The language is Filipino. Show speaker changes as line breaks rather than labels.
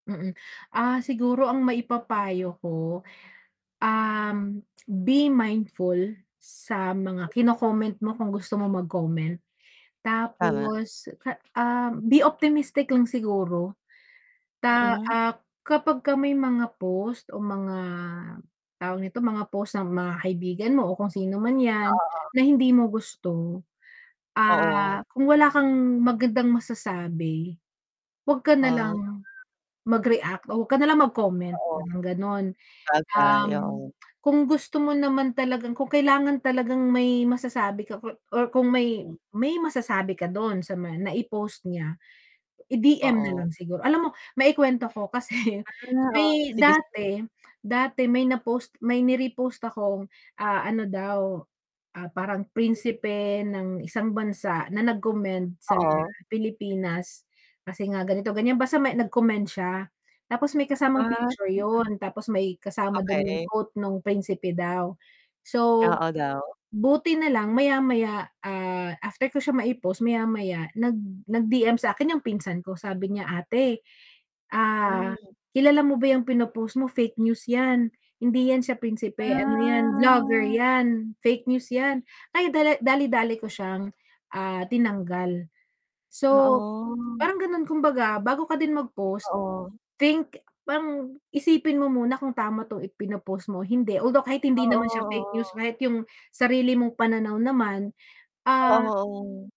Mm. Ah, siguro ang maipapayo ko, um, be mindful sa mga kino-comment mo kung gusto mong mag-comment.
Tama.
Tapos, ka ah, be optimistic lang siguro. Ta
Mm.
ah, kapag ka may mga post o mga, tawag nito, mga post ng mga kaibigan mo o kung sino man yan,
Oo.
na hindi mo gusto,
Oo.
ah, kung wala kang magandang masasabi, wag ka na
Ah.
lang, mag-react o wag ka nalang mag-comment,
Oo.
parang ganon.
Sabagay,
Um,
oo.
kung gusto mo naman talagang kung kailangan talagang may masasabi ka kur or kung may
Mm.
may masasabi ka dun sa ma naipost niya, i-DM na
Oo.
lang sigur alam mo maikwento ko kasi
Ah, oo.
may
Sige, sige.
dati dati may na post may ni-repost akong, ah, ano daw, ah, parang prinsipe ng isang bansa na nag-commend sa
Oo.
Pilipinas, kasi nga ganito-ganyan basta may nag-comment siya. Tapos may kasamang
Ah.
picture
[unintelligible]
yun, tapos may kasama dun yung
Okey.
quote nung principe daw. So,
Oo, daw.
buti nalang maya-maya, ah, after ko siya maipost maya-maya nag nag DM sakin yung pinsan ko sabi niya, "Ate, ah,
Mm.
kilala mo ba yung pinopost mo fake news yan, hindi yan siya prinsipe ano yan, blogger
Ah.
yan. Fake news yan." Kaya dala dali-dali ko siyang, ah, tinanggal. So,
Oo.
parang ganun kumbaga bago ka din mag post,
Oo.
think parang isipin mo muna kung tama tong ipino-post mo, hindi. Although kahit hindi
Oo,
naman siya fake news
oo.
kahit yung sarili mong pananaw naman, ah
Oo.